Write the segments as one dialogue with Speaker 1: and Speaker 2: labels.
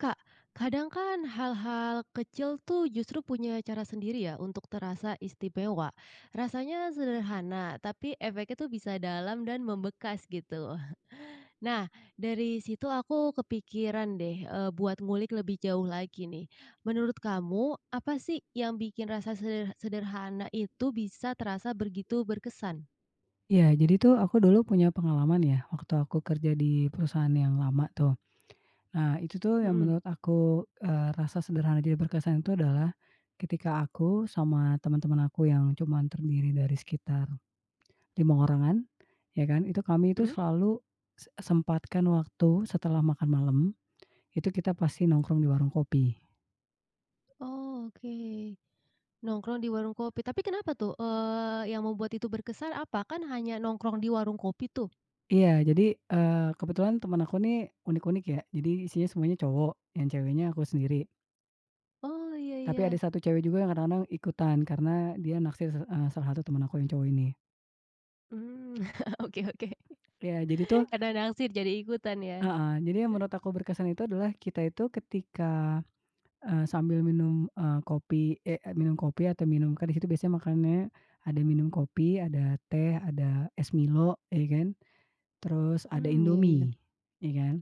Speaker 1: Kak, kadang kan hal-hal kecil tuh justru punya cara sendiri ya untuk terasa istimewa. Rasanya sederhana, tapi efeknya tuh bisa dalam dan membekas gitu. Nah, dari situ aku kepikiran deh, eee, buat ngulik lebih jauh lagi nih. Menurut kamu apa sih yang bikin rasa seder sederhana itu bisa terasa begitu berkesan?
Speaker 2: Ya, jadi tuh aku dulu punya pengalaman ya waktu aku kerja di perusahaan yang lama tuh. Nah itu tuh yang
Speaker 1: Mhm.
Speaker 2: menurut aku, eee, rasa sederhana dan berkesan itu adalah, ketika aku sama teman-teman aku yang cuman terdiri dari sekitar, 5 orangan, ya kan itu kami tuh
Speaker 1: Mhm.
Speaker 2: selalu s sempatkan waktu setelah makan malam, itu kita pasti nongkrong di warung kopi.
Speaker 1: Oh, oke. Nongkrong di warung kopi, tapi kenapa tuh, eee, yang membuat itu berkesan apa? Kan hanya nongkrong di warung kopi tuh.
Speaker 2: Iya jadi, eee, kebetulan teman aku nih unik-unik ya, jadi isinya semuanya cowok, yang ceweknya aku sendiri.
Speaker 1: Oh, ya
Speaker 2: Tapi ada
Speaker 1: ya.
Speaker 2: 1 cewek juga yang kadang-kadang ikutan, karena dia naksir s eee, salah satu temen aku yang cowok ini.
Speaker 1: Mmm, oke oke,
Speaker 2: Iya, jadi tuh
Speaker 1: karena naksir jadi ikutan ya.
Speaker 2: heeh, jadi yang menurut aku berkesan itu adalah kita itu ketika, eee, sambil minum, eee, kopi, eh eee, minum kopi atau minum, kan di situ biasanya makannya ada minum kopi, ada teh, ada es Milo ya kan, terus ada
Speaker 1: Mmm, iya iya.
Speaker 2: Indomie, ya kan.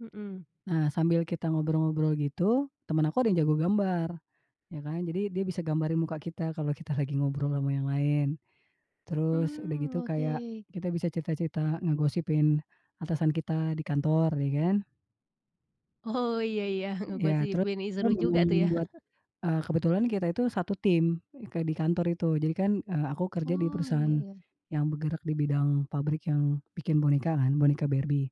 Speaker 1: Mhm.
Speaker 2: Nah, sambil kita ngobrol-ngobrol gitu, teman aku ada yang jago gambar, ya kan. Jadi dia bisa gambarin muka kita kalau kita lagi ngobrol ama yang lain. Terus, udah gitu
Speaker 1: Mmm,
Speaker 2: kayak
Speaker 1: oke.
Speaker 2: kita bisa cerita-cerita ngegosipin atasan kita di kantor ya kan.
Speaker 1: Oh, iya iya,
Speaker 2: Ya teru
Speaker 1: ngegosipin ih seru juga tuh ya.
Speaker 2: mmm, buat eee, kebetulan kita itu satu tim, eee, ke di kantor itu, jadi kan, eee, aku kerja di
Speaker 1: Oh, iya
Speaker 2: perusahaan
Speaker 1: iya.
Speaker 2: yang bergerak di bidang pabrik yang bikin boneka kan, boneka Barbie.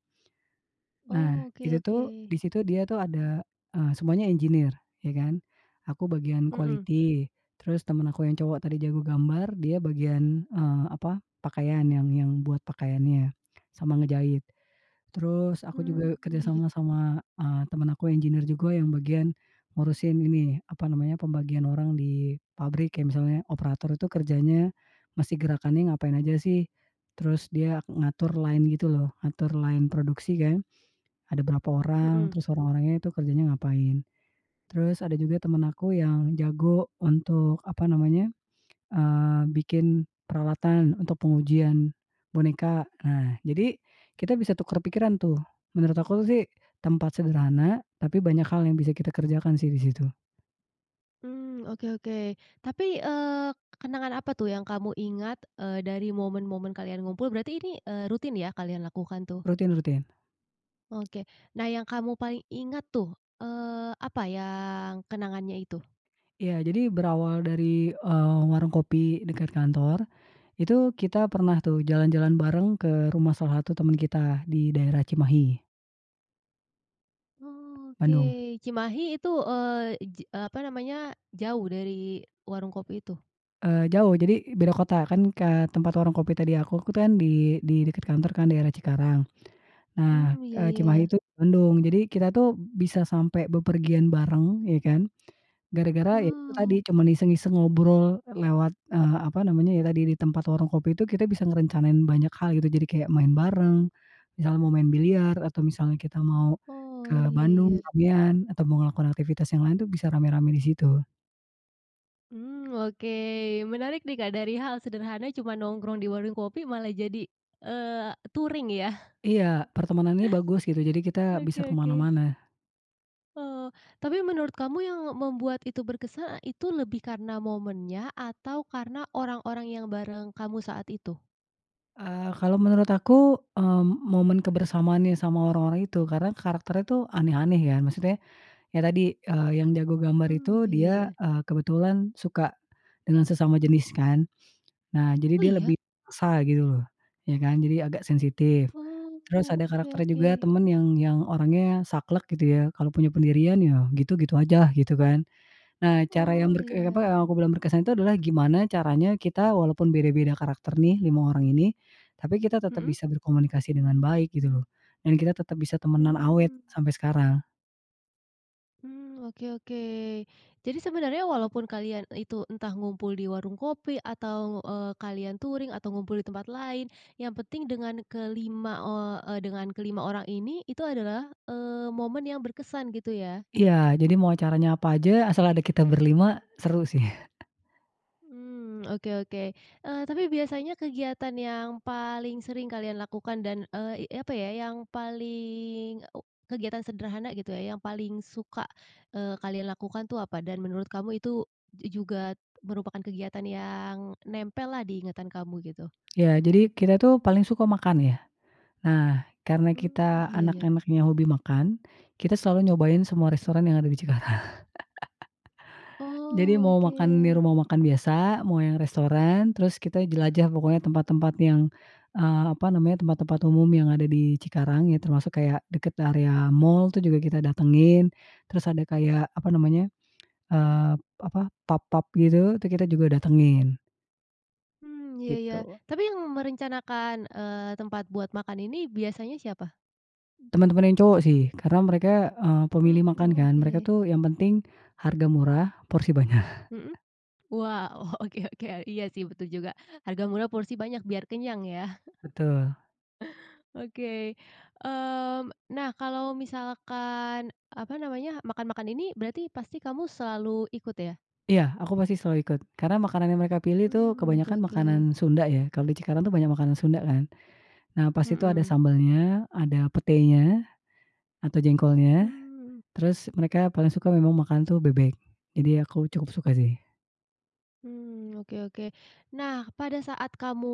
Speaker 2: Nah,
Speaker 1: Oh, oke
Speaker 2: itu tuh
Speaker 1: oke.
Speaker 2: di situ dia tuh ada, eee, semuanya engineer, ya kan. Aku bagian
Speaker 1: Mhm.
Speaker 2: quality, terus teman aku yang cowok tadi jago gambar dia bagian, eee, apa pakaian yang yang buat pakaiannya sama ngejahit. Terus aku
Speaker 1: Hmm,
Speaker 2: juga kerja
Speaker 1: iya.
Speaker 2: sama sama, eee, teman aku engineer, juga yang bagian ngurusin ini, apa namanya, pembagian orang di pabrik kayak misalnya operator itu kerjanya mesti gerakannya ngapain aja sih, terus dia ngatur line gitu loh, ngatur line produksi kan, ada berapa orang,
Speaker 1: Mhm.
Speaker 2: terus orang-orangnya itu kerjanya ngapain. Terus, ada juga teman aku yang jago untuk apa namanya, eee, bikin peralatan untuk pengujian boneka. Nah, jadi kita bisa tukar pikiran tuh. Menurut aku sih tempat sederhana, tapi banyak hal yang bisa kita kerjakan sih di situ.
Speaker 1: Mmm, oke oke. Tapi, eee, k kenangan apa tuh yang kamu ingat, eee, dari momen-momen kalian ngumpul berarti ini, eee, rutin ya kalian lakukan tuh?
Speaker 2: Rutin rutin.
Speaker 1: Oke. Nah yang kamu paling ingat tuh, eee, apa yang kenangannya itu?
Speaker 2: Iya jadi berawal dari, eee, warung kopi dekat kantor, itu kita pernah tuh jalan-jalan bareng ke rumah salah satu teman kita di daerah Cimahi. Bandung.
Speaker 1: Oke, Cimahi itu, eee, j eee, apa namanya, jauh dari warung kopi itu?
Speaker 2: Eee, jauh jadi beda kota kan ke tempat warung kopi tadi aku tuh kan di di dekat kantor kan daerah Cikarang. Nah,
Speaker 1: Mmm, iya
Speaker 2: eee, Cimahi
Speaker 1: iya.
Speaker 2: itu Bandung jadi kita tuh bisa sampai bepergian bareng ya kan. Gara-gara ya itu tadi
Speaker 1: Wow.
Speaker 2: cuman iseng-iseng ngobrol lewat, eee, apa namanya ya tadi di tempat warung kopi itu kita bisa ngerencanain banyak hal gitu, jadi kayak main bareng, misalnya mau main biliar, atau misalnya kita mau ke
Speaker 1: Oh, iya
Speaker 2: Bandung
Speaker 1: iya.
Speaker 2: sekalian, atau ngelakuin aktivitas yang lain tuh bisa ramai-ramai di situ.
Speaker 1: Mmm, oke. Menarik nih Kak dari hal sederhana cuman nongkrong di warung kopi malah jadi, eee, touring yah.
Speaker 2: Iya, pertemanannya bagus gitu jadi kita bisa
Speaker 1: Oke
Speaker 2: ke
Speaker 1: oke.
Speaker 2: mana-mana.
Speaker 1: Oh, tapi menurut kamu yang membuat itu berkesan e itu lebih karena momennya atau karena orang-orang yang bareng kamu saat itu?
Speaker 2: Eee, kalau menurut aku, eee, m momen kebersamaan yang sama orang-orang itu karena karakternya tuh aneh-aneh ya, maksudnya, ya tadi, eee, yang jago gambar
Speaker 1: Mmm,
Speaker 2: itu
Speaker 1: iya
Speaker 2: dia,
Speaker 1: iya.
Speaker 2: eee, kebetulan suka dengan sesama jenis kan. Nah jadi
Speaker 1: Oh,
Speaker 2: dia
Speaker 1: iya?
Speaker 2: lebih sa gitu loh, ya kan jadi agak sensitif.
Speaker 1: Oh,
Speaker 2: Terus ada
Speaker 1: oke
Speaker 2: karakter juga
Speaker 1: oke.
Speaker 2: teman yang yang orangnya saklek gitu ya, kalau punya pendirian ya gitu, gitu aja lah gitu kan. Nah, cara yang
Speaker 1: Oh,
Speaker 2: berke apa
Speaker 1: iya.
Speaker 2: yang aku bilang berkesan itu adalah gimana caranya kita walaupun beda-beda karakter nih 5 orang ini, tapi kita tetap
Speaker 1: Mhm.
Speaker 2: bisa berkomunikasi dengan baik gitu lho, dan kita tetap bisa temenan awet
Speaker 1: Hmm.
Speaker 2: sampai sekarang.
Speaker 1: Mmm, oke oke. Jadi sebenarnya walaupun kalian itu entah ngumpul di warung kopi atau, eee, kalian touring atau ngumpul di tempat lain, yang penting dengan kelima eee eee, dengan kelima orang ini, itu adalah, eee, momen yang berkesan, gitu ya?
Speaker 2: Iya, jadi mau acaranya apa aja, asal ada kita berlima seru sih.
Speaker 1: Mmm, oke oke. Eee, tapi biasanya kegiatan yang paling sering kalian lakukan dan, eee, i apa ya yang paling u kegiatan sederhana gitu ya yang paling suka, eee, kalian lakukan tuh apa, dan menurut kamu itu juga merupakan kegiatan yang nempel lah di ingatan kamu, gitu?
Speaker 2: Ya, jadi kita tuh paling suka makan, ya. Nah, karena
Speaker 1: Mmm,
Speaker 2: kita
Speaker 1: iya iya.
Speaker 2: anak-anaknya hobi makan, kita selalu nyobain semua restoran yang ada di Cikarang Jadi, mau makan di
Speaker 1: Oke.
Speaker 2: rumah makan biasa, mau yang restoran, terus kita jelajah pokoknya tempat-tempat yang, eee, apa namanya tempat-tempat umum yang ada di Cikarang, ya termasuk kayak dekat area mall tuh juga kita datangin, terus ada kayak apa namanya, eee, apa, pub-pub gitu itu kita juga datangin.
Speaker 1: Mmm, ya ya.
Speaker 2: Gitu.
Speaker 1: Tapi yang merencanakan, eee, tempat buat makan ini biasanya siapa?
Speaker 2: Teman-teman yang cowok sih, karena mereka, eee,
Speaker 1: Oh,
Speaker 2: pemilih makan kan, mereka
Speaker 1: oke.
Speaker 2: tuh yang penting harga murah porsi banyak.
Speaker 1: Mhm, wow, oke oke, iya sih betul juga harga murah, porsi banyak biar kenyang ya.
Speaker 2: Betul.
Speaker 1: Oke. Mmm, nah kalau misalkan apa namanya, makan-makan ini berarti pasti kamu selalu ikut, ya?
Speaker 2: Iya, aku pasti selalu ikut, karena makanan yang mereka pilih tu
Speaker 1: Mmm, oke
Speaker 2: kebanyakan makanan
Speaker 1: oke.
Speaker 2: Sunda ya, kalau di Cikarang tuh banyak makanan Sunda kan. Nah, pas itu ada
Speaker 1: Mhm.
Speaker 2: sambalnya, ada petenya, atau jengkolnya,
Speaker 1: Mmm.
Speaker 2: terus mereka paling suka memang makan tuh bebek, jadi aku cukup suka sih.
Speaker 1: Mmm, oke oke. Nah, pada saat kamu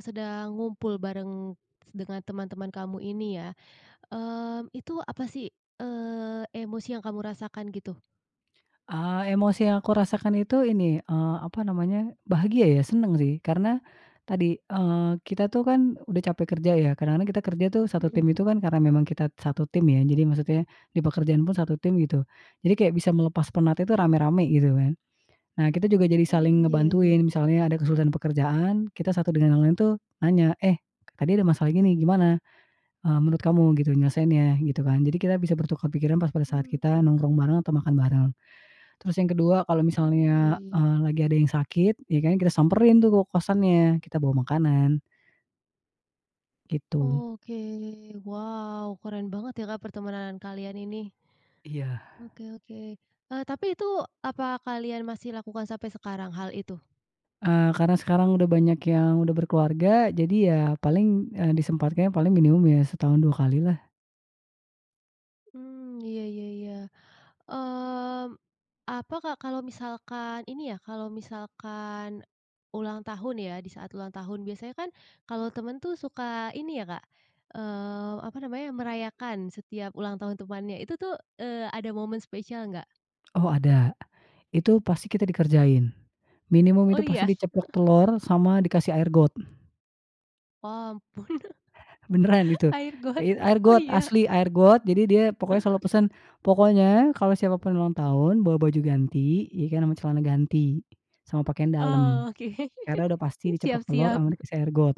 Speaker 1: sedang ngumpul bareng dengan teman-teman kamu ini ya, eee, itu apa sih, eee, emosi yang kamu rasakan gitu?
Speaker 2: Eee, emosi yang aku rasakan itu ini, eee, apa namanya bahagia ya, senang sih. Karena tadi, eee, kita tuh kan udah capek kerja ya, kadang-kadang kita kerja tuh 1 tim
Speaker 1: Mhm.
Speaker 2: itu kan karena memang kita 1 tim ya, jadi maksudnya di pekerjaan pun 1 tim gitu. Jadi kayak bisa melepas penat itu rame-rame gitu kan. Nah, kita juga jadi saling
Speaker 1: Mmm, ya ya.
Speaker 2: ngebantuin misalnya ada kesulitan pekerjaan kita satu dengan yang lain tuh nanya, "Eh, tadi ada masalah ini nih gimana, eee, menurut kamu gitu nyelesaiinnya?" gitu kan. Jadi kita bisa bertukar pikiran pas pada saat kita
Speaker 1: Mmm.
Speaker 2: nongkrong bareng atau makan bareng. Terus yang kedua kalau
Speaker 1: Mmm, ya
Speaker 2: misalnya,
Speaker 1: ya.
Speaker 2: eee, lagi ada yang sakit, ya kan kita samperin tuh ke kosannya, kita bawa makanan. Gitu.
Speaker 1: Oke, wow keren banget ya Kak pertemanan kalian ini.
Speaker 2: Iya.
Speaker 1: Oke oke, eee, tapi itu apa kalian masih lakukan sampai sekarang hal itu?
Speaker 2: Eee, karena sekarang udah banyak yang udah berkeluarga, jadi ya paling, eee, disempatkan ya paling minimum ya setahun 2 kali lah.
Speaker 1: Mmm, iya iya iya. Mmm, apa Kak kalau misalkan ini ya, kalau misalkan ulang tahun ya, di saat ulang tahun biasanya kan kalau teman tuh suka ini ya Kak, eee, apa namanya, merayakan setiap ulang tahun temannya itu tu, eee, ada momen spesial nggak?
Speaker 2: Oh, ada. Itu, pasti kita dikerjain, minimum
Speaker 1: Oh,
Speaker 2: itu pasti
Speaker 1: ya?
Speaker 2: diceplok telur sama dikasih air got.
Speaker 1: Oh, ampun.
Speaker 2: Benaran itu
Speaker 1: Air got,
Speaker 2: it air
Speaker 1: oh
Speaker 2: got
Speaker 1: iya?
Speaker 2: asli air got, jadi dia pokoknya selalu
Speaker 1: Ah.
Speaker 2: pesan, "Pokoknya kalau siapapun ulang tahun bawa baju ganti," ya kan, "Ama celana ganti, sama pakaian dalam,
Speaker 1: Oke,
Speaker 2: karena udah pasti
Speaker 1: siap
Speaker 2: diceplok telur
Speaker 1: siap.
Speaker 2: ama dikasih air got."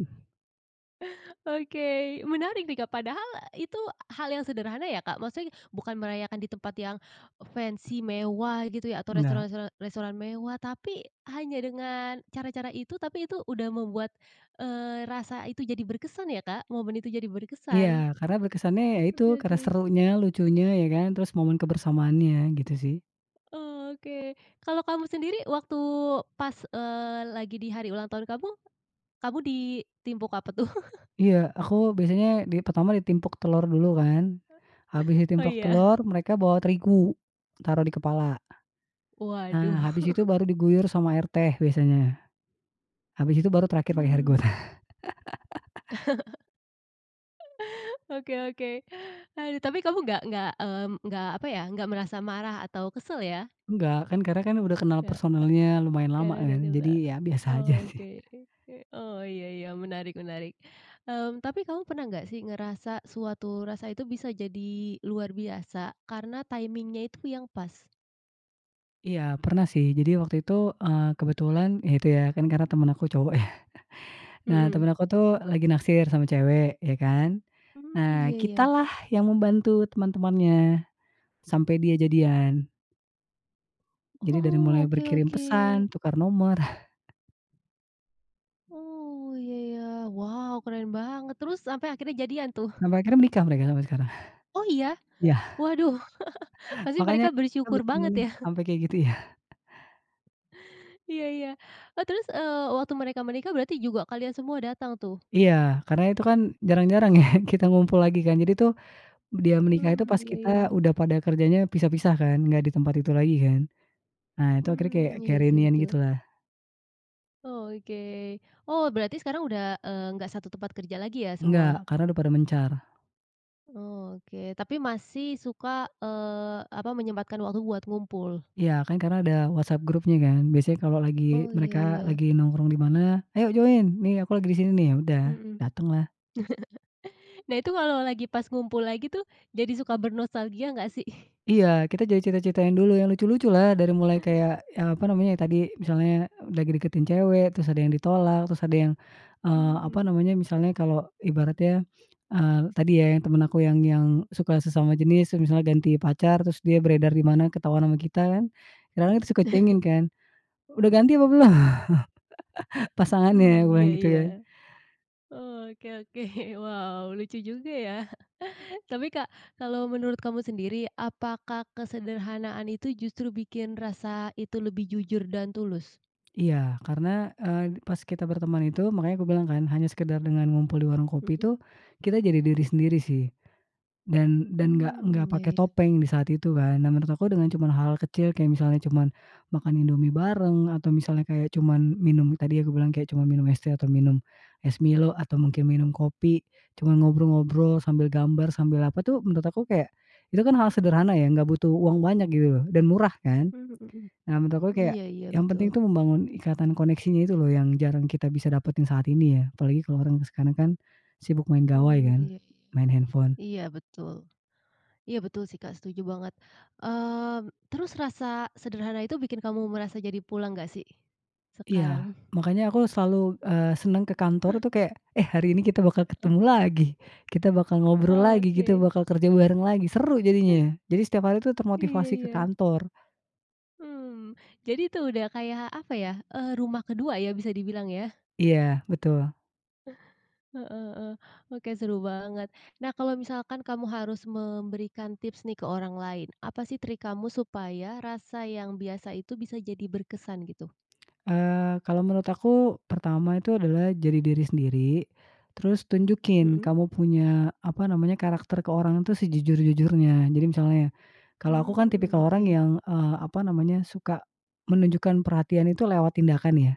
Speaker 1: Oke, menarik nih Kak, padahal itu hal yang sederhana ya Kak, maksudnya bukan merayakan di tempat yang fancy mewah gitu ya atau
Speaker 2: Enggak.
Speaker 1: restoran toran restoran mewah, tapi hanya dengan cara-cara itu, tapi itu udah membuat, eee, rasa itu jadi berkesan ya Kak, momen itu jadi
Speaker 2: Iya,
Speaker 1: berkesan.
Speaker 2: karena berkesannya yaitu
Speaker 1: Oke
Speaker 2: karena
Speaker 1: oke.
Speaker 2: serunya, lucunya, ya kan, terus momen kebersamaannya, gitu sih.
Speaker 1: Oke, kalau kamu sendiri waktu pas, eee, lagi di hari ulang tahun kamu, kamu di timpuk apa tuh?
Speaker 2: Iya, aku biasanya di pertama ditimpuk telur dulu kan, habis
Speaker 1: Oh,
Speaker 2: ditimpuk
Speaker 1: iya?
Speaker 2: telur mereka bawa terigu, taruh di kepala.
Speaker 1: Waduh.
Speaker 2: Nah, habis itu baru diguyur sama air teh biasanya. Habis itu baru terakhir pakai air got.
Speaker 1: Mmm. Oke oke, aduh tapi kamu nggak nggak, mmm, nggak apa ya, nggak merasa marah atau kesal ya?
Speaker 2: Enggak, kan karena kan udah kenal
Speaker 1: Nggak nggak.
Speaker 2: personelnya lumayan lama
Speaker 1: Karena udah
Speaker 2: kan,
Speaker 1: kenal.
Speaker 2: jadi ya biasa aja sih.
Speaker 1: Oke ke ke. Oh, iya iya, menarik menarik. Mmm, tapi kamu pernah nggak sih ngerasa suatu rasa itu bisa jadi luar biasa karena timing-nya itu yang pas?
Speaker 2: Iya pernah sih, jadi waktu itu, eee, kebetulan ya, itu, ya kan karena teman aku cowok ya. Nah
Speaker 1: Mhm.
Speaker 2: teman aku tuh lagi naksir sama cewek ya kan,
Speaker 1: Mmm,
Speaker 2: nah
Speaker 1: iya iya.
Speaker 2: kitalah yang membantu, teman-temannya, sampai dia jadian. Jadi dari
Speaker 1: Oh,
Speaker 2: mulai
Speaker 1: oke
Speaker 2: berkirim
Speaker 1: oke.
Speaker 2: pesan, tukar nomor.
Speaker 1: Oh, iya iya. Wow keren banget, terus sampai akhirnya jadian tuh?
Speaker 2: Sampai akhirnya menikah mereka sampai sekarang.
Speaker 1: Oh, iya?
Speaker 2: Iya.
Speaker 1: Waduh, pasti
Speaker 2: Makanya,
Speaker 1: mereka
Speaker 2: kita
Speaker 1: bersyukur banget
Speaker 2: berteman
Speaker 1: ya.
Speaker 2: sampai kayak gitu ya.
Speaker 1: Iya iya. Oh, terus, eee, waktu mereka menikah berarti juga kalian semua datang tuh?
Speaker 2: Iya, karena itu kan jarang-jarang ya kita ngumpul lagi kan, jadi tuh dia menikah itu
Speaker 1: Mmm,
Speaker 2: pas
Speaker 1: iya
Speaker 2: kita
Speaker 1: iya.
Speaker 2: udah pada kerjanya pisah-pisah kan, nggak di tempat itu lagi kan. Nah, itu akhirnya kayak
Speaker 1: Mmm, iya
Speaker 2: kayak
Speaker 1: sih
Speaker 2: reunian
Speaker 1: betul.
Speaker 2: gitu lah.
Speaker 1: Oh, oke. Oh, berarti sekarang udah, eee, nggak satu tempat kerja lagi ya semua?
Speaker 2: Enggak, karena udah pada mencar.
Speaker 1: Oh, oke tapi masih suka, eee, apa, menyempatkan waktu buat ngumpul?
Speaker 2: Ya, kan, karena ada WhatsApp, grupnya, kan, biasanya kalau
Speaker 1: Oh,
Speaker 2: lagi,
Speaker 1: iya
Speaker 2: mereka
Speaker 1: iya.
Speaker 2: lagi nongkrong di mana, "Ayo join, nih, aku lagi di sini, nih." Ya udah,
Speaker 1: Mhm.
Speaker 2: datang lah.
Speaker 1: Nah, itu kalau lagi pas ngumpul lagi, tuh, jadi suka bernostalgia gak, sih?
Speaker 2: Iya, kita jadi cerita-ceritakan dulu, yang lucu-lucu lah. Dari mulai kayak, eee, apa namanya, yang tadi misalnya lagi deketin cewek, terus ada yang ditolak, terus ada yang, eee, apa
Speaker 1: Mmm.
Speaker 2: namanya, misalnya kalau ibaratnya, eee, tadi ya yang teman aku yang yang suka sesama jenis, terus misalnya ganti pacar, terus dia beredar di mana ketahuan sama kita, kan, kadang-kadang tuh suka kuingin, kan, "Udah ganti apa belum pasangannya?" Aku
Speaker 1: Hmm,
Speaker 2: bilang
Speaker 1: iya
Speaker 2: gitu
Speaker 1: iya.
Speaker 2: kan.
Speaker 1: Oke oke, wow lucu juga ya. Tapi Kak, kalau menurut kamu sendiri, apakah kesederhanaan itu justru bikin rasa itu lebih jujur dan tulus?
Speaker 2: Iya, karena, eee, pas kita berteman itu, makanya kubilang, kan, hanya sekedar dengan ngumpul di warung kopi,
Speaker 1: Mhm.
Speaker 2: tuh, kita jadi diri sendiri, sih, dan dan gak gak
Speaker 1: Mmm, ya
Speaker 2: pakai
Speaker 1: ya.
Speaker 2: topeng di saat itu, kan. Nah, menurut aku dengan cuman hal kecil kayak misalnya cuman makan Indomie bareng, atau misalnya kayak cuman minum, tadi aku bilang kayak cuman minum es teh, atau minum es Milo, atau mungkin minum kopi, cuman, ngobrol-ngobrol sambil gambar sambil apa, tuh, menurut aku kayak itu, kan, hal sederhana ya, gak butuh uang banyak gitu loh, dan murah, kan.
Speaker 1: Mhm mhm.
Speaker 2: Nah, menurut aku kayak
Speaker 1: Iya iya
Speaker 2: yang penting,
Speaker 1: betul.
Speaker 2: tuh, membangun ikatan koneksinya itu, loh, yang jarang bisa kita dapatkan saat ini ya, apalagi kalau orang sekarang, kan, sibuk main gawai,
Speaker 1: Mmm,
Speaker 2: kan,
Speaker 1: iya.
Speaker 2: main handphone.
Speaker 1: Iya betul. Iya betul, sih, Kak setuju banget. Eee, terus rasa sederhana itu bikin kamu merasa jadi pulang gak, sih? Sekarang?
Speaker 2: Iya, makanya aku selalu, eee, senang ke kantor, tuh, kayak, "Eh, hari ini kita bakal
Speaker 1: Heeh?
Speaker 2: ketemu lagi. Kita bakal ngobrol lagi, kita
Speaker 1: Oke.
Speaker 2: bakal kerja bareng lagi." Seru jadinya ya, jadi setiap hari, tuh,
Speaker 1: Iya
Speaker 2: termotivasi ke
Speaker 1: iya.
Speaker 2: kantor.
Speaker 1: Hmm, jadi itu udah kayak, apa ya, eee, rumah ke-2 ya, bisa dibilang ya.
Speaker 2: Iya, betul.
Speaker 1: Heeh heeh, oke seru banget. Nah, kalau misalkan kamu harus memberikan tips, nih, ke orang lain, apa, sih, trik kamu supaya rasa yang biasa itu bisa jadi berkesan, gitu?
Speaker 2: Eee, kalau menurut aku pertama itu, adalah jadi diri sendiri, terus tunjukin
Speaker 1: Mhm?
Speaker 2: kamu punya, apa namanya, karakter ke orang, tuh, sejujur-jujurnya jadi misalnya, kalau aku, kan,
Speaker 1: Mmm,
Speaker 2: tipikal orang
Speaker 1: oke.
Speaker 2: yang, eee, apa namanya, suka menunjukkan perhatiannya, tuh, lewat tindakan ya.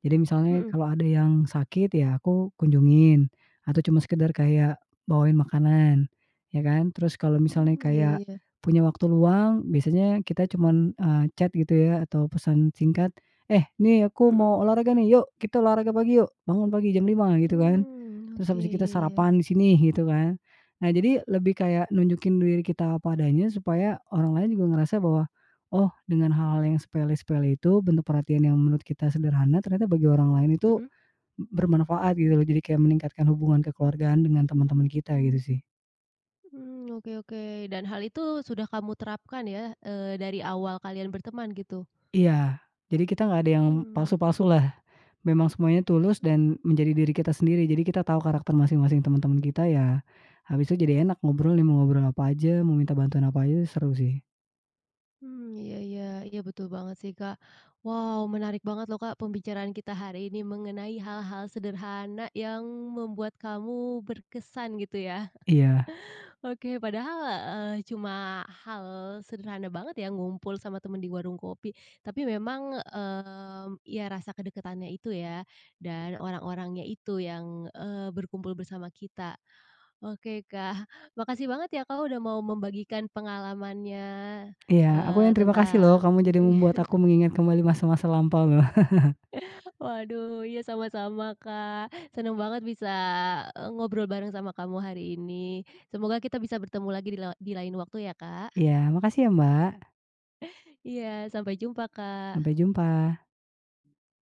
Speaker 2: Jadi misalnya
Speaker 1: Mhm.
Speaker 2: kalau ada yang sakit ya aku kunjungin, atau cuma sekedar kayak bawain makanan, ya, kan. Terus kalau misalnya
Speaker 1: Mmm, iya
Speaker 2: kayak
Speaker 1: iya.
Speaker 2: punya waktu luang, biasanya kita cuman, eee, chat gitu ya atau pesan singkat, "Eh, nih, aku mau
Speaker 1: Mhm.
Speaker 2: olahraga, nih, yuk kita olahraga pagi yuk. Bangun pagi jam 5," gitu kan,
Speaker 1: Mmm,
Speaker 2: "terus
Speaker 1: oke,
Speaker 2: habis itu kita
Speaker 1: ya ya.
Speaker 2: sarapan di sini." Gitu kan. Nah, jadi lebih kayak nunjukin diri kita apa adanya supaya orang lain juga ngerasa bahwa, oh, dengan hal-hal yang sepele-sepele itu, bentuk perhatian yang menurut kita sederhana ternyata bagi orang lain itu
Speaker 1: Mhm?
Speaker 2: bermanfaat, gitu, loh, jadi kayak meningkatkan hubungan kekeluargaan dengan teman-teman kita, gitu, sih.
Speaker 1: Mmm, oke oke, dan hal itu sudah kamu terapkan ya, eee, dari awal kalian berteman, gitu?
Speaker 2: Iya, jadi kita gak ada yang
Speaker 1: Mmm.
Speaker 2: palsu-palsu lah. Memang semuanya tulus dan menjadi diri kita sendiri, jadi kita tau karakter masing-masing teman-teman kita ya, habis itu jadi enak ngobrolnya, mau ngobrol apa aja, mau minta bantuan apa aja, seru, sih.
Speaker 1: Mmm, iya iya iya betul banget, sih, Kak. Wow menarik banget, loh, Kak, pembicaraan kita hari ini mengenai hal-hal sederhana yang membuat kamu berkesan gitu ya.
Speaker 2: Iya.
Speaker 1: Oke, padahal, eee, cuma hal sederhana banget ya, ngumpul sama teman di warung kopi, tapi memang, mmm, ya rasa kedekatannya itu ya dan orang-orangnya itu yang, eee, berkumpul bersama kita. Oke Kak, makasih banget ya Kak udah mau membagikan pengalamannya,
Speaker 2: Iya, aku
Speaker 1: eee,
Speaker 2: yang terima kasih, loh,
Speaker 1: tentang
Speaker 2: kamu jadi membuat aku mengingat kembali masa-masa lampau, loh.
Speaker 1: Waduh iya sama-sama, Kak. Senang banget bisa, eee, ngobrol bareng sama kamu hari ini. Semoga kita bisa bertemu lagi di lewa di lain waktu ya, Kak.
Speaker 2: Iya, makasih ya, Mbak.
Speaker 1: Iya, sampai jumpa,
Speaker 2: Sampai
Speaker 1: Kak.
Speaker 2: jumpa.